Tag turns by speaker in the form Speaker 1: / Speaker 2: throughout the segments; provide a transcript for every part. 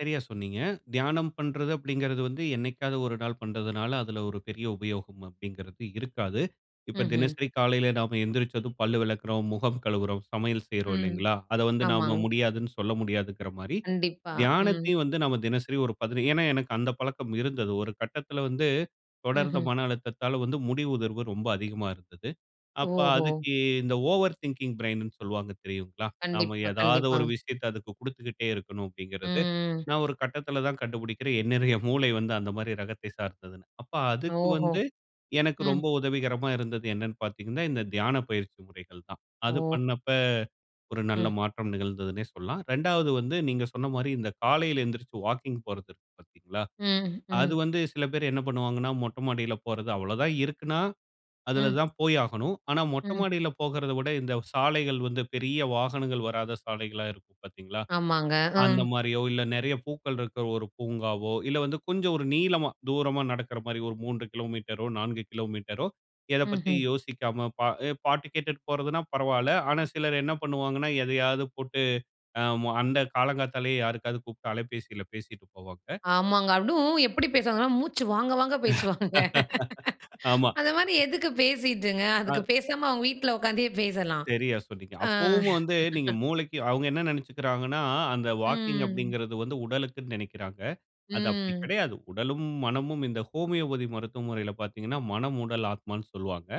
Speaker 1: சரியா சொன்னீங்க. தியானம் பண்றது அப்படிங்கறது வந்து என்னிக்காவது ஒரு நாள் பண்றதுனால, அதுல ஒரு பெரிய உபயோகம் அப்படிங்கறது இருக்காது. இப்ப
Speaker 2: ம்ஹ்ம்.
Speaker 1: தினசரி காலையில நம்ப எந்திருச்சதும் பல்லு வெளக்குறோம், முகம் கழுவுறோம், சமையல் செய்றோம்
Speaker 2: ம்,
Speaker 1: இல்லைங்களா? அத வந்து நம்ப
Speaker 2: ஆமாங்க.
Speaker 1: முடியாதுனு சொல்ல முடியாதுங்கற மாரி,
Speaker 2: கண்டிப்பா, ம்.
Speaker 1: தியானத்தையும் வந்து நாம தினசரி ஒரு பதினை ஏன்னா எனக்கு அந்த பழக்கம் இருந்தது. ஒரு கட்டத்துல வந்து தொடர்ந்த
Speaker 2: ம்ஹ்ம்.
Speaker 1: மன அழுத்தத்தால வந்து முடி உதர்வு ரொம்ப அதிகமா இருந்தது. அப்ப
Speaker 2: ஓஹோ!
Speaker 1: அதுக்கு இந்த ஓவர் திங்கிங் பிரெயின்னு சொல்லுவாங்க தெரியுங்கலா? நாம
Speaker 2: கண்டிப்பா,
Speaker 1: ஏதாவது ஒரு
Speaker 2: கண்டிப்பாங்க.
Speaker 1: விஷயத்தை அதுக்கு குடுத்துகிட்டே இருக்கணும் அப்படிங்கிறது.
Speaker 2: ம், ம்.
Speaker 1: நான் ஒரு கட்டத்துல தான் கண்டுபிடிக்கிறேன். என்னுடைய மூளை வந்து அந்த மாரி ரகத்தை சார்ந்ததுனு. அப்ப அதுக்கு
Speaker 2: ஓஹோ!
Speaker 1: வந்து எனக்கு
Speaker 2: ம்.
Speaker 1: ரொம்ப உதவிகரமா இருந்தது என்னன்னு பாத்தீங்கன்னா, இந்த தியானப் பயிற்சி முறைகள் தான். அது
Speaker 2: ஓ!
Speaker 1: பண்ணப்ப, ஒரு நல்ல
Speaker 2: ம்.
Speaker 1: மாற்றம் நிகழ்ந்ததுனே சொல்லலாம். 2வது வந்து நீங்க சொன்ன மாரி இந்த காலையில எந்திருசது வாக்கிங் போறது இருக்கு பாத்தீங்களா,
Speaker 2: ம்,
Speaker 1: அது
Speaker 2: ம்.
Speaker 1: வந்து சில பேர் என்ன பண்ணுவாங்கன்னா மொட்டை மாடியில போறது அவ்வளவு தான் இருக்குன்னா, அதுல
Speaker 2: ம்.
Speaker 1: தான் போய் ஆகணும். ஆனா மொட்டை
Speaker 2: ம்.
Speaker 1: மாடியில போகறத விட, இந்த சாலைகள் வந்து பெரிய வாகனங்கள் வராத சாலைகளா இருக்கும் பாத்தீங்களா,
Speaker 2: ஆமாங்க.
Speaker 1: அந்த
Speaker 2: ம்
Speaker 1: மாரியோ இல்ல நெறைய பூக்கள் இருக்க ஒரு பூங்காவோ இல்ல, வந்து கொஞ்சம் ஒரு நீளமா தூரமா நடக்கிற மாரி. ஒரு 3 கிலோமீட்டரோ, 4 கிலோமீட்டரோ இதப் பத்தி
Speaker 2: ம்ஹ்ம்.
Speaker 1: யோசிக்காம பா பாட்டு கேட்டுட்டு போறதுனா பரவால்ல. ஆனா சிலர் என்ன பண்ணுவாங்கன்னா, எதையாவது போட்டு அ, அந்த காலங்காத்தாலேயே யாருக்காவது கூப்ட்டு அலைபேசியில பேசிட்டு போவாங்க.
Speaker 2: ஆமாங்க. அதுவம் எப்படி பேசுவாங்கன்னா, மூச்சு வாங்க வாங்க பேசுவாங்க.
Speaker 1: ஆமா.
Speaker 2: அந்த மாதிரி எதுக்கு பேசிட்டுங்க. அதுக்கு
Speaker 1: ஆ.
Speaker 2: பேசாம அவுங்க வீட்ல உட்காந்தே பேசலாம்.
Speaker 1: செரியா சொன்னீங்க.
Speaker 2: ஆ.
Speaker 1: அப்போவும் வந்து நீங்க மூளைக்கு அவுங்க என்ன நெனச்சிக்குறாங்கன்னா, அந்த வாக்கிங்
Speaker 2: ம்.
Speaker 1: அப்படிங்கிறது வந்து உடலுக்குனு நெனைக்குறாங்க. அது அப்படி
Speaker 2: ம்.
Speaker 1: கிடையாது. உடலும், மனமும் இந்த ஹோமியோபதி மருத்துவ முறையில பாத்தீங்கனா, மனம், உடல், ஆத்மானு சொல்வாங்க.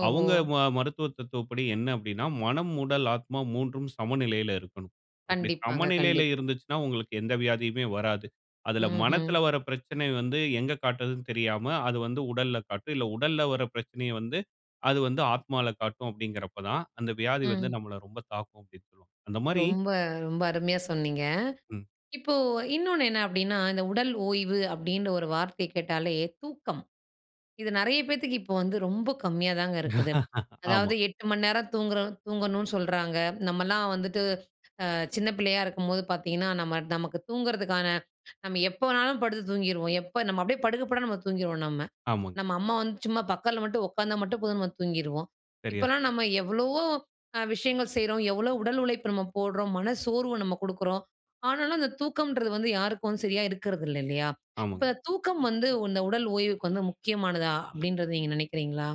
Speaker 2: ஓஹோ!
Speaker 1: அவுங்க ம மருத்துவ தத்துவப்படி என்ன அப்படினா மனம், உடல், ஆத்மா 3உம் சமநிலையில இருக்கனும். அப்படி
Speaker 2: கண்டிப்பாங்க,
Speaker 1: சமநிலையில
Speaker 2: கண்டிப்
Speaker 1: இருந்துச்சுனா உங்களுக்கு எந்த வியாதியுமே வராது. அதுல
Speaker 2: ம்ஹ்ம்.
Speaker 1: மனத்துல வர பிரச்சனை வந்து எங்க காட்டுறது தெரியாம, அது வந்து உடல்ல காட்டும். இல்ல உடல்ல வருற பிரச்சனைய வந்து அது வந்து ஆத்மால காட்டும் அப்படிங்கிறப்பதான், அந்த வியாதி வந்து
Speaker 2: ம்.
Speaker 1: நம்மள ரொம்ப தாக்கும் அப்படி. அந்த மாரி
Speaker 2: ரொம்ப ரொம்ப அருமையா சொன்னீங்க.
Speaker 1: ம்.
Speaker 2: இப்போ இன்னொன்னு என்ன அப்படின்னா, இந்த உடல் ஓய்வு அப்படினு ஒரு வார்த்தையை கேட்டாலே தூக்கம். இது நெறைய பேத்துக்கு இப்போ வந்து ரொம்ப கம்மியா தாங்க இருக்குது.
Speaker 1: ஆமா.
Speaker 2: அதாவது 8 மணி நேரம் தூங்கற தூங்கணும் சொல்றாங்க. நம்மலாம் வந்துட்டு அ சின்ன பிள்ளையா இருக்கும்போது பாத்தீங்கன்னா, நம்ம நமக்கு தூங்குறதற்கான நம்ம எப்ப வேணாலும் படுத்து தூங்கிருவோம். எப்ப நம்ம அப்படியே படுக்க படுக்க நம்ம தூங்கிருவோம் நம்ம.
Speaker 1: ஆமாங்க.
Speaker 2: நம்ம அம்மா வந்து சும்மா பக்கத்துல மட்டும் உட்காந்தா மட்டும் போதும் நம்ம தூங்கிருவோம்.
Speaker 1: சரியா, சொ
Speaker 2: இப்பல்லாம் நம்ம எவ்வளவோ விஷயங்கள் செய்றோம். எவ்வளவு உடல் உழைப்பு நம்ம போடுறோம். மன சோர்வை நம்ம குடுக்குறோம். ஆனாலும் அந்த தூக்கம்ன்றது வந்து யாருக்கும் சரியா இருக்றது இல்ல இல்லையா.
Speaker 1: ஆமாங்.
Speaker 2: இப்ப தூக்கம் வந்து இந்த உடல் ஓய்வுக்கு வந்து முக்கியமானதா? அப்படின்றத நீங்க நெனைக்கிறீங்களா?